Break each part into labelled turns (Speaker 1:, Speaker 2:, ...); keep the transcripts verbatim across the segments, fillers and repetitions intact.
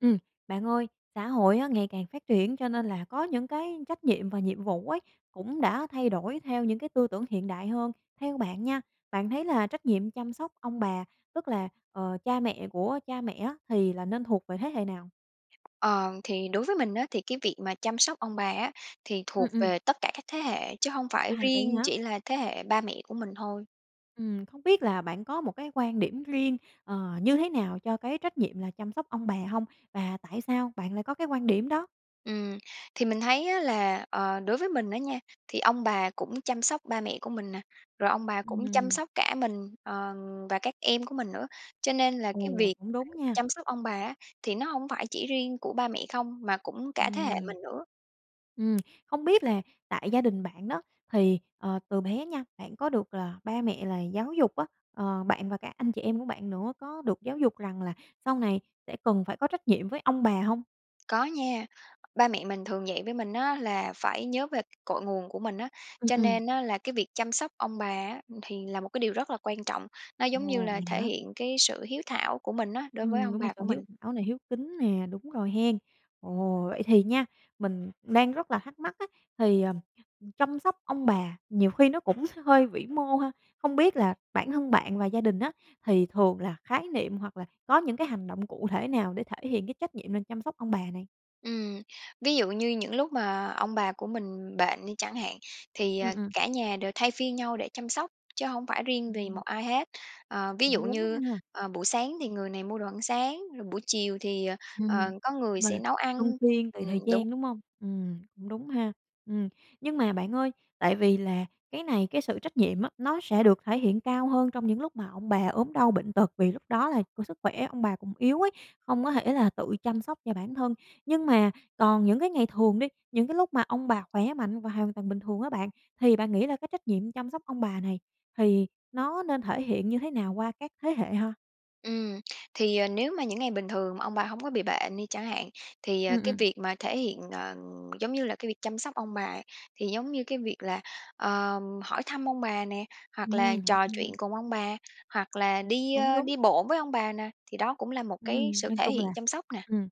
Speaker 1: Ừm, bạn ơi, xã hội á ngày càng phát triển cho nên là có những cái trách nhiệm và nhiệm vụ ấy cũng đã thay đổi theo những cái tư tưởng hiện đại hơn. Theo bạn nha, bạn thấy là trách nhiệm chăm sóc ông bà, tức là, ờ, cha mẹ của cha mẹ á thì là nên thuộc về thế hệ nào?
Speaker 2: Ờ, thì đối với mình á, thì cái việc mà chăm sóc ông bà á thì
Speaker 1: Ừm,
Speaker 2: thuộc
Speaker 1: ừm.
Speaker 2: về tất cả các thế hệ, chứ hông
Speaker 1: À,
Speaker 2: phải
Speaker 1: vậy
Speaker 2: riêng
Speaker 1: hả?
Speaker 2: chỉ là thế hệ ba mẹ của mình thôi.
Speaker 1: Ừm, không biết là bạn có một cái quan điểm riêng, ờ, như thế nào cho cái trách nhiệm là chăm sóc ông bà hông? Và tại sao bạn lại có cái quan điểm đó?
Speaker 2: Ừm, thì mình thấy á là, ờ, đối với mình á nha, thì ông bà cũng chăm sóc ba mẹ của mình nè, rồi ông bà cũng chăm
Speaker 1: Ừm.
Speaker 2: sóc cả mình, ờ, và các em của mình nữa. Cho nên là cái
Speaker 1: Ồ,
Speaker 2: việc
Speaker 1: cũng đúng
Speaker 2: [unintelligible]
Speaker 1: nha.
Speaker 2: chăm sóc ông bà á thì nó hổng phải chỉ riêng của ba mẹ không, mà cũng cả thế hệ
Speaker 1: Ừm.
Speaker 2: mình nữa.
Speaker 1: Ừm, không biết là tại gia đình bạn đó, thì, ờ, từ bé nha, bạn có được là ba mẹ là giáo dục á, ờ, bạn và cả anh chị em của bạn nữa có được giáo dục rằng là sau này sẽ cần phải có trách nhiệm với ông bà hông?
Speaker 2: Có nha. Ba mẹ mình thường dạy với mình á là phải nhớ về cội nguồn của mình á,
Speaker 1: Ừm,
Speaker 2: cho
Speaker 1: ừm.
Speaker 2: nên á là cái việc chăm sóc ông bà á thì là một cái điều rất là quan trọng. Nó giống như
Speaker 1: Ồ,
Speaker 2: là
Speaker 1: vậy
Speaker 2: thể
Speaker 1: hả?
Speaker 2: hiện cái sự hiếu thảo của mình á đối với
Speaker 1: Ừm,
Speaker 2: ông
Speaker 1: đúng là
Speaker 2: bà
Speaker 1: sự
Speaker 2: của
Speaker 1: hiếu
Speaker 2: mình.
Speaker 1: thảo nè, hiếu kính nè, đúng rồi hén. Ồ, vậy thì nha, mình đang rất là thắc mắc á, thì, ờ, chăm sóc ông bà nhiều khi nó cũng hơi vĩ mô ha? Không biết là bản thân bạn và gia đình á, thì thường là khái niệm hoặc là có những cái hành động cụ thể nào để thể hiện cái trách nhiệm là chăm sóc ông bà nè?
Speaker 2: Ừm, ví dụ như những lúc mà ông bà của mình bệnh đi chẳng hạn, thì,
Speaker 1: Ừm,
Speaker 2: à,
Speaker 1: ừm.
Speaker 2: cả nhà đều thay phiên nhau để chăm sóc chứ hổng phải riêng vì
Speaker 1: Ừm.
Speaker 2: một ai hết. À, ví
Speaker 1: Cũng
Speaker 2: dụ
Speaker 1: đúng
Speaker 2: như,
Speaker 1: ha!
Speaker 2: ờ, buổi sáng thì người này mua đồ ăn sáng, rồi buổi chiều thì, ờ,
Speaker 1: Ừm,
Speaker 2: có người
Speaker 1: chung là
Speaker 2: sẽ nấu
Speaker 1: luân
Speaker 2: ăn
Speaker 1: phiên tùy thời
Speaker 2: ừm, đúng.
Speaker 1: gian, đúng hông? Ừm, cũng đúng ha. Ừm, nhưng mà bạn ơi, tại vì là cái này cái sự trách nhiệm á nó sẽ được thể hiện cao hơn trong những lúc mà ông bà ốm đau bệnh tật, vì lúc đó là, kiểu, sức khỏe ông bà cũng yếu ấy, hông có thể là tự chăm sóc cho bản thân. Nhưng mà còn những cái ngày thường đi, những cái lúc mà ông bà khỏe mạnh và hoàn toàn bình thường á bạn, thì bạn nghĩ là cái trách nhiệm chăm sóc ông bà này thì nó nên thể hiện như thế nào qua các thế hệ ha?
Speaker 2: Ừm, thì, ờ, nếu mà những ngày bình thường mà ông bà hổng có bị bệnh đi chẳng hạn, thì,
Speaker 1: Ừm,
Speaker 2: ờ, cái
Speaker 1: ừm.
Speaker 2: việc mà thể hiện ờ, giống như là cái việc chăm sóc ông bà ấy, thì giống như cái việc là, ờ, hỏi thăm ông bà nè, hoặc là
Speaker 1: Ừm, hỏi
Speaker 2: trò chuyện
Speaker 1: thăm.
Speaker 2: cùng ông bà, hoặc là đi,
Speaker 1: Cũng
Speaker 2: ơ,
Speaker 1: đúng.
Speaker 2: đi bộ với ông bà nè, thì đó cũng là một cái
Speaker 1: Ừm,
Speaker 2: sự
Speaker 1: nói
Speaker 2: thể
Speaker 1: chung là
Speaker 2: hiện chăm sóc nè.
Speaker 1: ừm,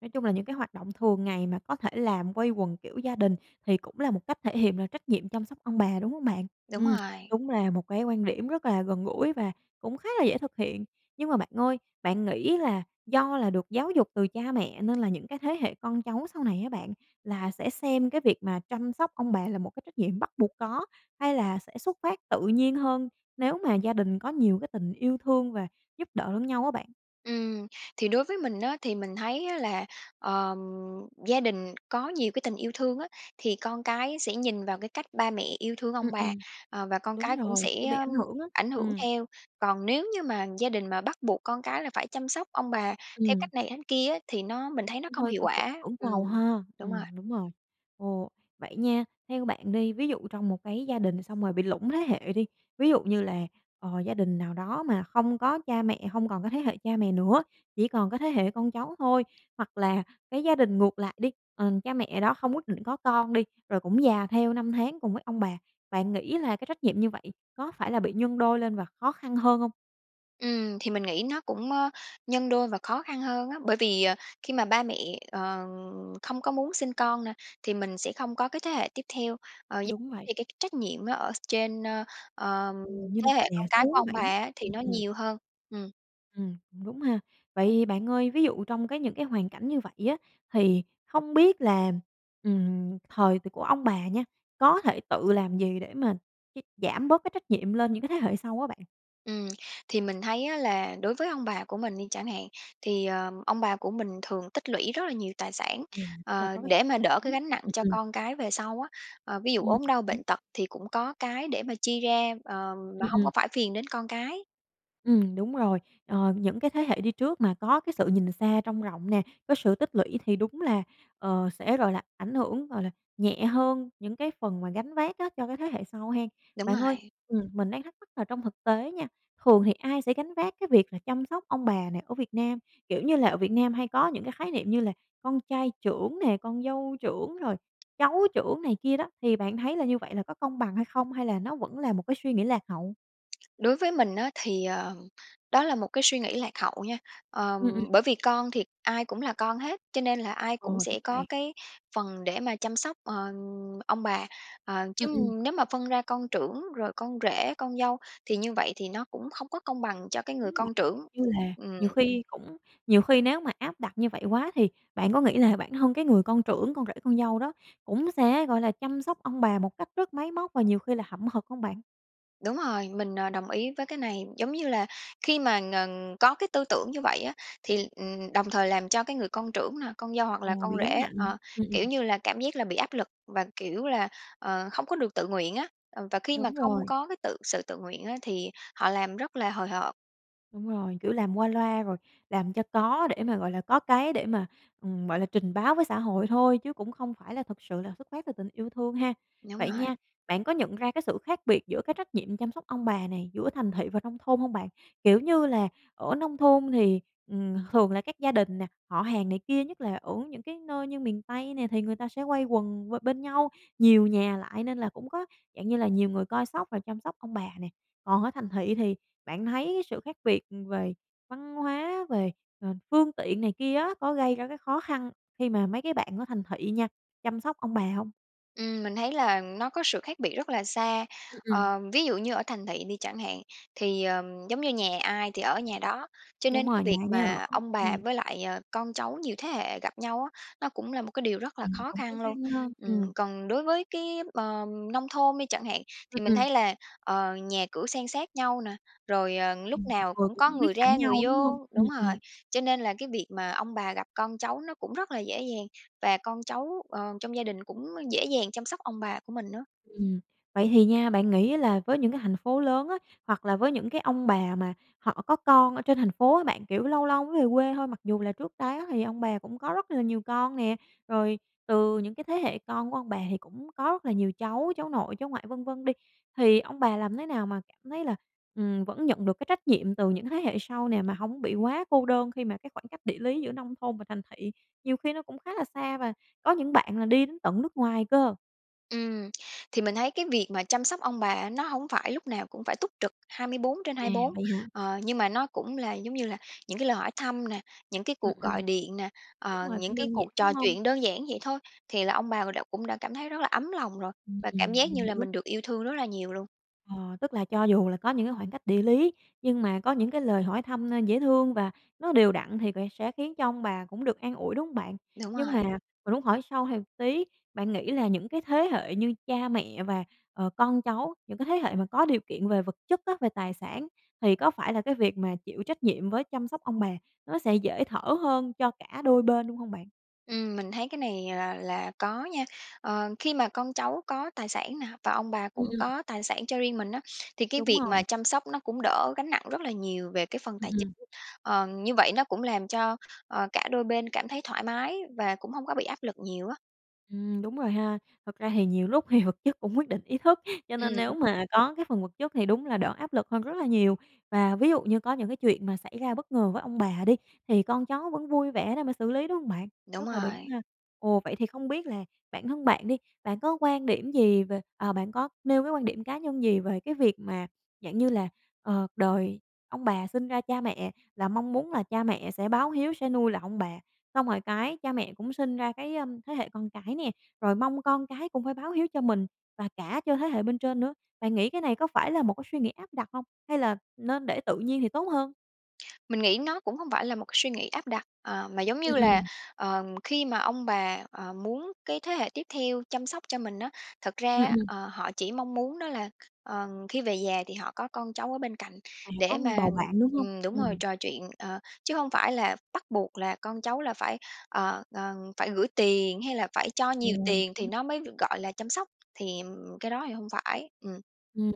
Speaker 1: nói chung là những cái hoạt động thường ngày mà có thể làm quây quần kiểu gia đình thì cũng là một cách thể hiện là trách nhiệm chăm sóc ông bà, đúng hông bạn?
Speaker 2: Đúng
Speaker 1: Ừm,
Speaker 2: rồi.
Speaker 1: đúng là một cái quan điểm rất là gần gũi và cũng khá là dễ thực hiện. Nhưng mà bạn ơi, bạn nghĩ là do là được giáo dục từ cha mẹ nên là những cái thế hệ con cháu sau này á bạn, là sẽ xem cái việc mà chăm sóc ông bà là một cái trách nhiệm bắt buộc có, hay là sẽ xuất phát tự nhiên hơn nếu mà gia đình có nhiều cái tình yêu thương và giúp đỡ lẫn nhau á bạn?
Speaker 2: Ừm, thì đối với mình á, thì mình thấy á là, ờ, gia đình có nhiều cái tình yêu thương á, thì con cái sẽ nhìn vào cái cách ba mẹ yêu thương ông
Speaker 1: Ừm,
Speaker 2: bà,
Speaker 1: ừm.
Speaker 2: ờ, và con
Speaker 1: Đúng
Speaker 2: cái cũng
Speaker 1: rồi, kiểu,
Speaker 2: sẽ
Speaker 1: bị ảnh hưởng á.
Speaker 2: ảnh hưởng
Speaker 1: Ừm.
Speaker 2: theo. Còn nếu như mà gia đình mà bắt buộc con cái là phải chăm sóc ông bà theo
Speaker 1: Ừm.
Speaker 2: cách này cách kia á thì nó mình thấy nó
Speaker 1: Cũng
Speaker 2: không
Speaker 1: hơi
Speaker 2: hiệu
Speaker 1: cưỡng c
Speaker 2: quả.
Speaker 1: cưỡng
Speaker 2: Ừm,
Speaker 1: cầu ha.
Speaker 2: đúng rồi.
Speaker 1: Ừm, đúng rồi. Ồ, vậy nha, theo bạn đi, ví dụ trong một cái gia đình xong rồi bị lủng thế hệ đi, ví dụ như là, ờ, gia đình nào đó mà không có cha mẹ, hông còn có thế hệ cha mẹ nữa, chỉ còn có thế hệ con cháu thôi. Hoặc là cái gia đình ngược lại đi, ừm, cha mẹ đó không quyết định có con đi, rồi cũng già theo năm tháng cùng với ông bà, bạn nghĩ là cái trách nhiệm như vậy có phải là bị nhân đôi lên và khó khăn hơn hông?
Speaker 2: Ừm, thì mình nghĩ nó cũng, á, nhân đôi và khó khăn hơn á. Bởi vì, ờ, khi mà ba mẹ, ờ, không có muốn sinh con nè, thì mình sẽ không có cái thế hệ tiếp theo. Ờ, giống
Speaker 1: Đúng vậy.
Speaker 2: [unintelligible] cái trách nhiệm á, ở s trên, ơ, ờ,
Speaker 1: Ừm, như là
Speaker 2: thế
Speaker 1: [unintelligible]
Speaker 2: hệ
Speaker 1: già
Speaker 2: con cái của
Speaker 1: xuống
Speaker 2: ông
Speaker 1: vậy
Speaker 2: bà
Speaker 1: á.
Speaker 2: á thì
Speaker 1: Ừm,
Speaker 2: nó
Speaker 1: ừm.
Speaker 2: nhiều hơn. Ừm.
Speaker 1: Ừm, cũng đúng ha! Vậy thì bạn ơi, ví dụ trong cái những cái hoàn cảnh như vậy á thì không biết là, ừm, thời từ của ông bà nha có thể tự làm gì để mà cái giảm bớt cái trách nhiệm lên những cái thế hệ sau á bạn?
Speaker 2: Ừm, thì mình thấy á là đối với ông bà của mình đi chẳng hạn, thì, ờ, ông bà của mình thường tích lũy rất là nhiều tài sản,
Speaker 1: Ừm, tức là
Speaker 2: ờ,
Speaker 1: có cái
Speaker 2: để
Speaker 1: kiểu tích
Speaker 2: mà đỡ cái
Speaker 1: lũy.
Speaker 2: gánh nặng
Speaker 1: Ừm,
Speaker 2: cho
Speaker 1: ừm.
Speaker 2: con cái về sau á. Ờ, ví dụ
Speaker 1: Ừm,
Speaker 2: ốm đau
Speaker 1: cũng đúng.
Speaker 2: bệnh tật thì cũng có cái để mà chi ra, ờ, mà
Speaker 1: Ừm,
Speaker 2: hông
Speaker 1: ừm.
Speaker 2: có phải phiền đến con cái.
Speaker 1: Ừm, đúng rồi. Ờ những cái thế hệ đi trước mà có cái sự nhìn xa trông rộng nè, có sự tích lũy thì đúng là, ờ, sẽ, gọi là, ảnh hưởng, gọi là nhẹ hơn những cái phần mà gánh vác á cho cái thế hệ sau ha!
Speaker 2: Đúng
Speaker 1: Bạn ơi,
Speaker 2: rồi.
Speaker 1: ừm, mình đang thắc mắc là trong thực tế nha, thường thì ai sẽ gánh vác cái việc là chăm sóc ông bà này ở Việt Nam? Kiểu như là ở Việt Nam hay có những cái khái niệm như là con trai trưởng nè, con dâu trưởng, rồi cháu trưởng này kia đó, thì bạn thấy là như vậy là có công bằng hay không hay là nó vẫn là một cái suy nghĩ lạc hậu?
Speaker 2: Đối với mình á thì, ờ, đó là một cái suy nghĩ lạc hậu nha. Ờ,
Speaker 1: Ừm, ừm.
Speaker 2: bởi vì con thì ai cũng là con hết, cho nên là ai
Speaker 1: Ờ,
Speaker 2: cũng
Speaker 1: đúng
Speaker 2: sẽ có
Speaker 1: vậy.
Speaker 2: cái phần để mà chăm sóc, ờ, ông bà, à, chứ
Speaker 1: Ừm, ừm.
Speaker 2: nếu mà phân ra con trưởng rồi con rể, con dâu thì như vậy thì nó cũng không có công bằng cho cái
Speaker 1: Đúng
Speaker 2: người
Speaker 1: vậy,
Speaker 2: con trưởng.
Speaker 1: [unintelligible] như là
Speaker 2: Ừm.
Speaker 1: nhiều khi cũng nhiều khi nếu mà áp đặt như vậy quá thì bạn có nghĩ là bản thân cái người con trưởng, con rể, con dâu đó cũng sẽ, gọi là, chăm sóc ông bà một cách rất máy móc và nhiều khi là hậm hực hông bạn?
Speaker 2: Đúng rồi, mình, à, đồng ý với cái này. Giống như là khi mà, ừm, có cái tư tưởng như vậy á, thì, ừm, đồng thời làm cho cái người con trưởng nè, con dâu hoặc là
Speaker 1: Ồ,
Speaker 2: con
Speaker 1: bị gánh
Speaker 2: rể,
Speaker 1: nặng.
Speaker 2: à,
Speaker 1: Ừm, ừm.
Speaker 2: kiểu như là, cảm giác là bị áp lực và, kiểu là, ờ, không có được tự nguyện á. Ờ, và khi mà
Speaker 1: Đúng
Speaker 2: không
Speaker 1: rồi.
Speaker 2: có cái tự sự tự nguyện á thì họ làm rất là hời hợt.
Speaker 1: Đúng rồi, kiểu làm qua loa rồi làm cho có để mà, gọi là, có cái để mà, ừm, gọi là, trình báo với xã hội thôi chứ cũng không phải là thực sự là xuất phát từ tình yêu thương ha.
Speaker 2: Đúng
Speaker 1: Vậy
Speaker 2: rồi.
Speaker 1: nha, bạn có nhận ra cái sự khác biệt giữa cái trách nhiệm chăm sóc ông bà này giữa thành thị và nông thôn hông bạn? Kiểu như là ở nông thôn thì, ừm, thường là các gia đình nè, họ hàng này kia nhất là ở những cái nơi như miền Tây nè, thì người ta sẽ quây quần b bên nhau nhiều nhà lại nên là cũng có, dạng như là, nhiều người coi sóc rồi chăm sóc ông bà nè. Còn ở thành thị thì bạn thấy sự khác biệt về văn hóa, về, ờ, phương tiện này kia á có gây ra cái khó khăn khi mà mấy cái bạn ở thành thị nha chăm sóc ông bà hông?
Speaker 2: Ừm, mình thấy là nó có sự khác biệt rất là xa.
Speaker 1: Ừ, ừm.
Speaker 2: Ờ, ví dụ như ở thành thị đi chẳng hạn thì, ừm, giống như nhà ai thì ở nhà đó, cho
Speaker 1: Đúng
Speaker 2: nên cái
Speaker 1: rồi, nhà
Speaker 2: việc
Speaker 1: ai nấy ở,
Speaker 2: mà ông bà
Speaker 1: ừm.
Speaker 2: với lại, ờ, con cháu nhiều thế hệ gặp nhau á, nó cũng là một điều rất là
Speaker 1: Ừm,
Speaker 2: khó
Speaker 1: cũng khó
Speaker 2: khăn luôn.
Speaker 1: khăn ha, ừm.
Speaker 2: Ừm, còn đối với cái, ờ, nông thôn đi chẳng hạn
Speaker 1: Ừ,
Speaker 2: thì mình
Speaker 1: ừm.
Speaker 2: thấy là, ờ, nhà cửa san sát nhau nè, rồi lúc
Speaker 1: Ừm, mọi
Speaker 2: nào
Speaker 1: người
Speaker 2: cũng
Speaker 1: cũng
Speaker 2: có
Speaker 1: hông biết
Speaker 2: người
Speaker 1: cảnh
Speaker 2: ra, người
Speaker 1: nhau đúng hông?
Speaker 2: vô
Speaker 1: Ừ,
Speaker 2: đúng rồi,
Speaker 1: ừm.
Speaker 2: cho nên là cái việc mà ông bà gặp con cháu nó cũng rất là dễ dàng, và con cháu, ờ, trong gia đình cũng dễ dàng chăm sóc ông bà của mình nữa.
Speaker 1: Ừm, vậy thì nha, bạn nghĩ á, là với những cái thành phố lớn á, hoặc là với những cái ông bà mà họ có con ở trên thành phố á bạn, kiểu, lâu lâu mới về quê thôi, mặc dù là trước đó thì ông bà cũng có rất là nhiều con nè, rồi từ những cái thế hệ con của ông bà thì cũng có rất là nhiều cháu, cháu nội, cháu ngoại, vân vân đi. Thì ông bà làm thế nào mà cảm thấy là, ừm, vẫn nhận được cái trách nhiệm từ những cái thế hệ sau nè mà hổng bị quá cô đơn, khi mà cái khoảng cách địa lý giữa nông thôn và thành thị nhiều khi nó cũng khá là xa, và có những bạn là đi đến tận nước ngoài cơ?
Speaker 2: Ừm. Thì mình thấy cái việc mà chăm sóc ông bà nó hổng phải lúc nào cũng phải túc trực hai bốn trên
Speaker 1: À,
Speaker 2: hai bốn,
Speaker 1: vậy hả?
Speaker 2: ờ, nhưng mà nó cũng là giống như là những cái lời hỏi thăm nè, những cái
Speaker 1: Ừm,
Speaker 2: cuộc
Speaker 1: ừm.
Speaker 2: gọi điện nè,
Speaker 1: Đúng
Speaker 2: ờ,
Speaker 1: rồi,
Speaker 2: những
Speaker 1: cũng
Speaker 2: cái
Speaker 1: đơn giản,
Speaker 2: cuộc
Speaker 1: đúng
Speaker 2: trò
Speaker 1: hông?
Speaker 2: chuyện đơn giản vậy thôi thì là ông bà đã cũng đã cảm thấy rất là ấm lòng rồi
Speaker 1: Ừm,
Speaker 2: và
Speaker 1: ừm,
Speaker 2: cảm giác
Speaker 1: mình
Speaker 2: như là
Speaker 1: hiểu.
Speaker 2: mình được yêu thương rất là nhiều luôn.
Speaker 1: Ờ, tức là cho dù là có những cái khoảng cách địa lý nhưng mà có những cái lời hỏi thăm, ơ, dễ thương và nó đều đặn thì về sẽ khiến cho ông bà cũng được an ủi, đúng hông bạn?
Speaker 2: Đúng
Speaker 1: Nhưng
Speaker 2: rồi.
Speaker 1: mà mình muốn hỏi sâu thêm một tí, bạn nghĩ là những cái thế hệ như cha mẹ và, ờ, con cháu, những cái thế hệ mà có điều kiện về vật chất á, về tài sản thì có phải là cái việc mà chịu trách nhiệm với chăm sóc ông bà nó sẽ dễ thở hơn cho cả đôi bên luôn hông bạn?
Speaker 2: Ừm, mình thấy cái này là là có nha. Ờ, khi mà con cháu có tài sản nè và ông bà
Speaker 1: Ừm,
Speaker 2: cũng
Speaker 1: ừm.
Speaker 2: có tài sản cho riêng mình á, thì cái
Speaker 1: Đúng
Speaker 2: việc mà
Speaker 1: rồi.
Speaker 2: chăm sóc nó cũng đỡ gánh nặng rất là nhiều về cái phần
Speaker 1: Ừm,
Speaker 2: tài chính.
Speaker 1: ừm.
Speaker 2: Ờ, như vậy nó cũng làm cho, ờ, cả đôi bên cảm thấy thoải mái và cũng hông có bị áp lực nhiều á.
Speaker 1: Ừm, đúng rồi ha. Thật ra thì nhiều lúc thì vật chất cũng quyết định ý thức, cho nên nếu
Speaker 2: Ừm.
Speaker 1: mà có cái phần vật chất thì đúng là đỡ áp lực hơn rất là nhiều. Và ví dụ như có những chuyện mà xảy ra bất ngờ với ông bà đi, thì con cháu vẫn vui vẻ để mà xử lý, đúng hông bạn?
Speaker 2: Đúng
Speaker 1: Rất là đúng
Speaker 2: rồi.
Speaker 1: ha. Ồ, vậy thì không biết là bản thân bạn đi, bạn có quan điểm gì về à, bạn có nêu cái quan điểm cá nhân gì về việc mà dạng như là, ờ, đời ông bà sinh ra cha mẹ là mong muốn là cha mẹ sẽ báo hiếu, sẽ nuôi lại ông bà. Xong rồi cái, cha mẹ cũng sinh ra cái, ơm, thế hệ con cái nè, rồi mong con cái cũng phải báo hiếu cho mình, và cả cho thế hệ bên trên nữa. Bạn nghĩ cái này có phải là một cái suy nghĩ áp đặt hông hay là nên để tự nhiên thì tốt hơn?
Speaker 2: Mình nghĩ nó cũng hông phải là một suy nghĩ áp đặt, à, mà giống như
Speaker 1: Ừm,
Speaker 2: là,
Speaker 1: ừm.
Speaker 2: ờm, khi mà ông bà, à, muốn cái thế hệ tiếp theo chăm sóc cho mình á, thật ra
Speaker 1: Ừm,
Speaker 2: á,
Speaker 1: ừm.
Speaker 2: ờ, họ chỉ mong muốn đó là kh ờ, khi về già thì họ có con cháu ở bên cạnh
Speaker 1: À, có
Speaker 2: để mà
Speaker 1: bầu bạn, đúng hông?
Speaker 2: ừm, đúng rồi
Speaker 1: Ừm.
Speaker 2: trò chuyện, ờ. Chứ hông phải là bắt buộc là con cháu là phải, ờ, ờ, phải gửi tiền hay là phải cho nhiều
Speaker 1: Ồ.
Speaker 2: tiền thì
Speaker 1: [unintelligible]
Speaker 2: nó mới g gọi là chăm sóc, thì, ừm, cái đó thì hông phải. Ừm.
Speaker 1: Ừm,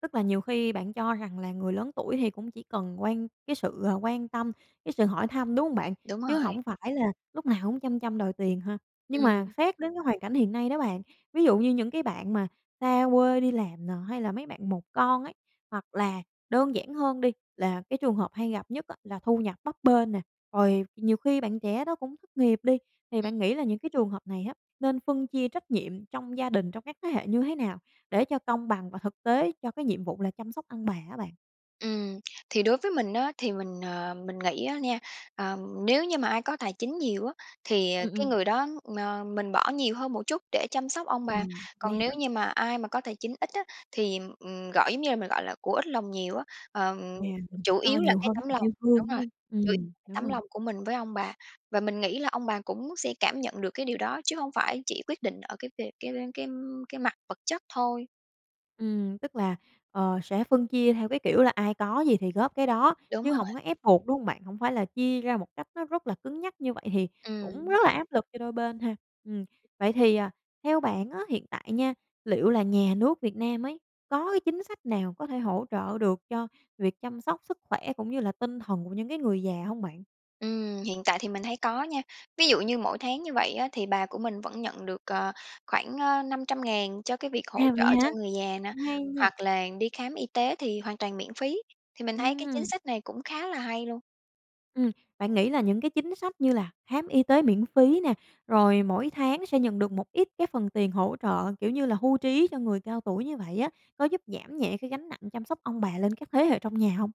Speaker 1: tức là nhiều khi bạn cho rằng là người lớn tuổi thì cũng chỉ cần quan cái sự quan tâm, cái sự hỏi thăm, đúng hông bạn?
Speaker 2: Đúng
Speaker 1: Chứ
Speaker 2: rồi.
Speaker 1: hổng phải lúc nào cũng chăm chăm đòi tiền ha. Nhưng mà
Speaker 2: Ừm.
Speaker 1: xét đến cái hoàn cảnh hiện nay đó bạn, ví dụ như những cái bạn mà xa quê đi làm nè, hay mấy bạn một con ấy, hoặc là đơn giản hơn đi là cái trường hợp hay gặp nhất á, là thu nhập bấp bênh nè, rồi nhiều khi bạn trẻ đó cũng thất nghiệp đi, thì
Speaker 2: Ừm.
Speaker 1: bạn nghĩ là những trường hợp này á nên phân chia trách nhiệm trong gia đình trong các thế hệ như thế nào để cho công bằng và thực tế cho cái nhiệm vụ là chăm sóc ông bà á bạn?
Speaker 2: Ừm. Thì đối với mình á, thì mình, ờ, mình nghĩ á nha, ờm, nếu như mà ai có tài chính nhiều á, thì
Speaker 1: Ừm,
Speaker 2: cái
Speaker 1: ừm.
Speaker 2: người đó, ờ, mình bỏ nhiều hơn một chút để chăm sóc ông bà.
Speaker 1: Ừm, vậy
Speaker 2: Còn nếu
Speaker 1: hả?
Speaker 2: như mà ai mà có tài chính ít á thì, ừm, gọi giống như mình gọi là của ít lòng nhiều á, ờ,
Speaker 1: À, mình
Speaker 2: chủ
Speaker 1: phải cho
Speaker 2: yếu là
Speaker 1: nhiều
Speaker 2: cái
Speaker 1: hơn cái
Speaker 2: tấm
Speaker 1: tình
Speaker 2: lòng
Speaker 1: yêu thương,
Speaker 2: đúng
Speaker 1: đúng
Speaker 2: rồi,
Speaker 1: hông?
Speaker 2: chủ y
Speaker 1: Ừm, đúng
Speaker 2: tấm
Speaker 1: rồi.
Speaker 2: lòng của mình với ông bà. Và mình nghĩ là ông bà cũng sẽ cảm nhận được cái điều đó, chứ hông phải chỉ quyết định ở cái việc cái cái cái mặt vật chất thôi.
Speaker 1: Ừm, tức là, ờ, sẽ phân chia theo cái kiểu là ai có gì thì góp cái đó
Speaker 2: Đúng
Speaker 1: chứ hổng
Speaker 2: rồi.
Speaker 1: có ép buộc, đúng hông bạn? Hổng phải là chia ra một cách nó rất là cứng nhắc như vậy thì cũng rất
Speaker 2: Ừm.
Speaker 1: là áp lực cho đôi bên ha. Ừm, vậy thì, à, theo bạn á hiện tại nha, liệu là nhà nước Việt Nam ấy có cái chính sách nào có thể hỗ trợ được cho việc chăm sóc sức khỏe cũng như là tinh thần của những cái người già hông bạn?
Speaker 2: Ừm, hiện tại thì mình thấy có nha. Ví dụ như mỗi tháng như vậy á, thì bà của mình vẫn nhận được, ờ, khoảng, ơ, năm trăm ngàn cho cái việc hỗ
Speaker 1: À, vậy
Speaker 2: trợ
Speaker 1: hả?
Speaker 2: cho người già nè,
Speaker 1: Cũng hay nha.
Speaker 2: hoặc là đi khám y tế thì hoàn toàn miễn phí. Thì mình thấy cái chính
Speaker 1: Ừm.
Speaker 2: sách này cũng khá là hay luôn.
Speaker 1: Ừm, bạn nghĩ là những cái chính sách như là khám y tế miễn phí nè, rồi mỗi tháng sẽ nhận được một ít cái phần tiền hỗ trợ kiểu như là hưu trí cho người cao tuổi như vậy á, có giúp giảm nhẹ cái gánh nặng chăm sóc ông bà lên các thế hệ trong nhà hông?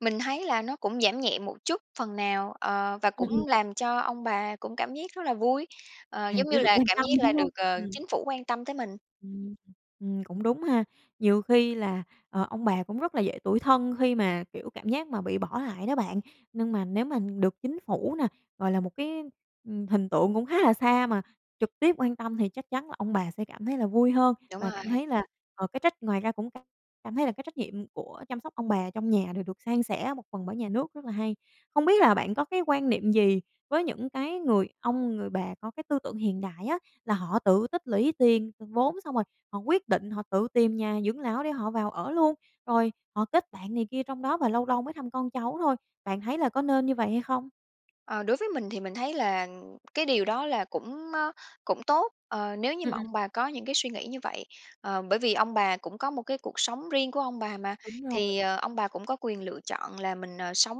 Speaker 2: Mình thấy là nó cũng giảm nhẹ một chút phần nào, ờ, và cũng
Speaker 1: Ừm, ừm.
Speaker 2: làm cho ông bà cũng cảm giác rất là vui, ờ,
Speaker 1: À,
Speaker 2: giống như
Speaker 1: kiểu, được
Speaker 2: là
Speaker 1: quan
Speaker 2: cảm
Speaker 1: tâm,
Speaker 2: giác là
Speaker 1: đúng
Speaker 2: được,
Speaker 1: hông?
Speaker 2: ờ,
Speaker 1: Ừm.
Speaker 2: chính phủ quan tâm tới mình.
Speaker 1: Ừm, ừm. Cũng đúng ha. Nhiều khi là, ờ, ông bà cũng rất là dễ tủi thân khi mà, kiểu, cảm giác mà bị bỏ lại đó bạn. Nhưng mà nếu mà được chính phủ nè, gọi là, một cái, ừm, hình tượng cũng khá là xa mà trực tiếp quan tâm thì chắc chắn là ông bà sẽ cảm thấy là vui hơn,
Speaker 2: Đúng
Speaker 1: và cảm
Speaker 2: rồi.
Speaker 1: thấy là, ờ, cái trách ngoài ra cũng c cảm thấy là cái trách nhiệm của chăm sóc ông bà trong nhà đều được san sẻ một phần bởi nhà nước, rất là hay. Không biết là bạn có quan niệm gì với những cái người ông, người bà có cái tư tưởng hiện đại á, là họ tự tích lũy tiền, vốn, xong rồi họ quyết định họ tự tìm nhà dưỡng lão để họ vào ở luôn. Rồi, họ kết bạn này kia trong đó và lâu lâu mới thăm con cháu thôi. Bạn thấy có nên như vậy hay không?
Speaker 2: Ờ, đối với mình thì mình thấy là cái điều đó là cũng, ơ, cũng tốt, ờ, nếu như
Speaker 1: Ừm,
Speaker 2: mà
Speaker 1: ừm.
Speaker 2: ông bà có những cái suy nghĩ như vậy. Ờ, bởi vì ông bà cũng có một cái cuộc sống riêng của ông bà mà,
Speaker 1: Đúng rồi.
Speaker 2: thì, ờ, ông bà cũng có quyền lựa chọn là mình, ờ, sống,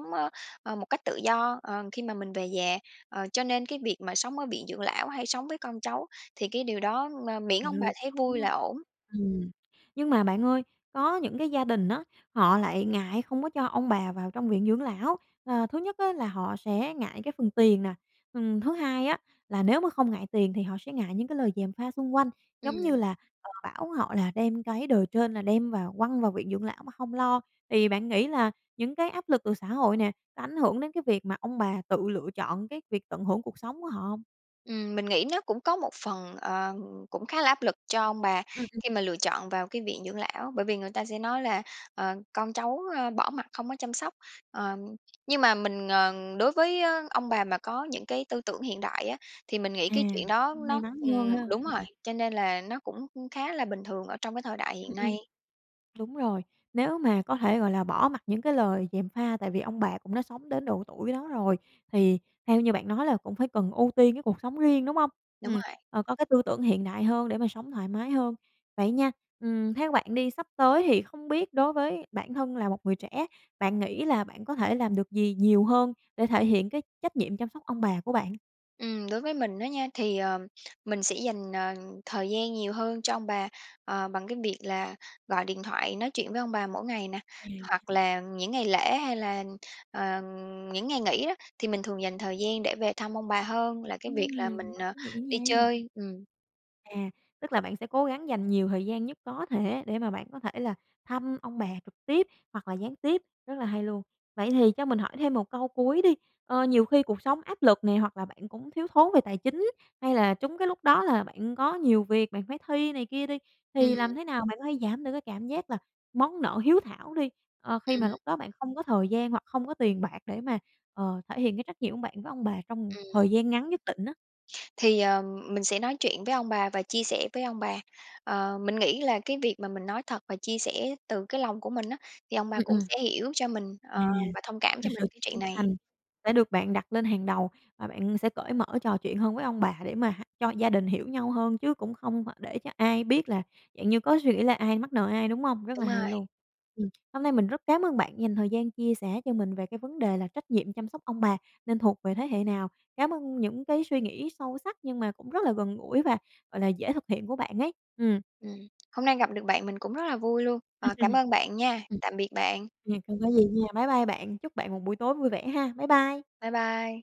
Speaker 2: ơ, một cách tự do, ờ, khi mà mình về già. Ờ, cho nên cái việc mà sống ở viện dưỡng lão, hay sống với con cháu thì cái điều đó mơ miễn ông bà
Speaker 1: Lựa
Speaker 2: thấy
Speaker 1: chọn, đúng
Speaker 2: vui
Speaker 1: hông?
Speaker 2: là ổn.
Speaker 1: Ừm, nhưng mà bạn ơi, có những cái gia đình á, họ lại ngại không có cho ông bà vào trong viện dưỡng lão. À, thứ nhất á, là họ sẽ ngại cái phần tiền nè, ừm, thứ hai á, là nếu mà không ngại tiền thì họ sẽ ngại những cái lời gièm pha xung quanh, giống như
Speaker 2: Ừm.
Speaker 1: là, họ bảo họ là đem cái đời trên là đem vào quăng vào viện dưỡng lão mà không lo. Thì bạn nghĩ là những cái áp lực từ xã hội nè, có ảnh hưởng đến cái việc mà ông bà tự lựa chọn cái việc tận hưởng cuộc sống của họ hông?
Speaker 2: Ừm, mình nghĩ nó cũng có một phần, ờ, cũng khá là áp lực cho ông bà
Speaker 1: Ừm, ừm.
Speaker 2: khi mà lựa chọn vào cái viện dưỡng lão, bởi vì người ta sẽ nói là, ờ, con cháu, ơ, bỏ mặc không có chăm sóc. Ờ, nhưng mà mình, ờ, đối với ông bà mà có những cái tư tưởng hiện đại á, thì mình nghĩ
Speaker 1: À,
Speaker 2: cái chuyện đó
Speaker 1: may
Speaker 2: nó
Speaker 1: mắn hơn
Speaker 2: ừm,
Speaker 1: ha!
Speaker 2: đúng rồi,
Speaker 1: Ừm.
Speaker 2: cho nên là nó cũng khá là bình thường ở trong cái thời đại hiện
Speaker 1: Ừm, ừm,
Speaker 2: nay.
Speaker 1: đúng rồi. Nếu mà có thể gọi là bỏ mặc những cái lời gièm pha, tại vì ông bà cũng đã sống đến độ tuổi đó rồi thì theo như bạn nói là cũng phải cần ưu tiên cái cuộc sống riêng, đúng hông?
Speaker 2: Đúng
Speaker 1: Ừm,
Speaker 2: rồi!
Speaker 1: có cái tư tưởng hiện đại hơn để mà sống thoải mái hơn. Vậy nha, ừm, theo bạn đi sắp tới thì không biết đối với bản thân là một người trẻ, bạn nghĩ là bạn có thể làm được gì nhiều hơn để thể hiện cái trách nhiệm chăm sóc ông bà của bạn?
Speaker 2: Ừm, đối với mình đó nha, thì, ừm, mình sẽ dành, ờ, thời gian nhiều hơn cho ông bà, ờ, bằng cái việc là gọi điện thoại nói chuyện với ông bà mỗi ngày nè.
Speaker 1: À
Speaker 2: Hoặc
Speaker 1: ha.
Speaker 2: là những ngày lễ, hay là, ờ, những ngày nghỉ đó, thì mình thường dành thời gian để về thăm ông bà hơn là cái việc là
Speaker 1: Ưm,
Speaker 2: mình,
Speaker 1: quá
Speaker 2: ờ,
Speaker 1: ý nghĩa
Speaker 2: đi
Speaker 1: nha.
Speaker 2: chơi. Ừm.
Speaker 1: À, tức là bạn sẽ cố gắng dành nhiều thời gian nhất có thể để mà bạn có thể là thăm ông bà trực tiếp hoặc là gián tiếp, rất là hay luôn. Vậy thì cho mình hỏi thêm một câu cuối đi. Ơ, nhiều khi cuộc sống áp lực nè, hoặc bạn cũng thiếu thốn về tài chính, hay là trúng cái lúc đó là bạn có nhiều việc, bạn phải thi này kia đi, thì làm
Speaker 2: Ừm.
Speaker 1: thế nào bạn có thể giảm được cái cảm giác là món nợ hiếu thảo đi, ờ, khi mà
Speaker 2: Ừm.
Speaker 1: lúc đó bạn không có thời gian hoặc không có tiền bạc để mà, ờ, thể hiện cái trách nhiệm của bạn với ông bà trong thời
Speaker 2: Ừm.
Speaker 1: gian ngắn nhất định á?
Speaker 2: Thì, ờ, mình sẽ nói chuyện với ông bà và chia sẻ với ông bà. Ờ, mình nghĩ là cái việc mà mình nói thật và chia sẻ từ cái lòng của mình á, thì ông bà
Speaker 1: Ừm,
Speaker 2: cũng
Speaker 1: ừm.
Speaker 2: sẽ hiểu cho mình,
Speaker 1: À,
Speaker 2: ờ, và thông cảm
Speaker 1: là
Speaker 2: cho
Speaker 1: sự
Speaker 2: mình cái
Speaker 1: chân
Speaker 2: chuyện này.
Speaker 1: thành đã được bạn đặt lên hàng đầu và bạn sẽ cởi mở trò chuyện hơn với ông bà để mà h cho gia đình hiểu nhau hơn, chứ cũng không phải để cho ai biết là dạng như có suy nghĩ là ai mắc nợ ai, đúng hông? Rất là
Speaker 2: Đúng
Speaker 1: hay
Speaker 2: rồi.
Speaker 1: luôn. Ừm, hôm nay mình rất cám ơn bạn dành thời gian chia sẻ cho mình về cái vấn đề là trách nhiệm chăm sóc ông bà nên thuộc về thế hệ nào? Cảm ơn những cái suy nghĩ sâu sắc, nhưng mà cũng rất là gần gũi và, gọi là, dễ thực hiện của bạn ấy, ừm.
Speaker 2: Ừm, hôm nay gặp được bạn mình cũng rất là vui luôn. Ờ, cảm ơn bạn nha,
Speaker 1: Ừm,
Speaker 2: tạm biệt bạn.
Speaker 1: ừm, không có gì nha. Bái bai bạn, chúc bạn một buổi tối vui vẻ ha. Bái bai!
Speaker 2: Bái bai.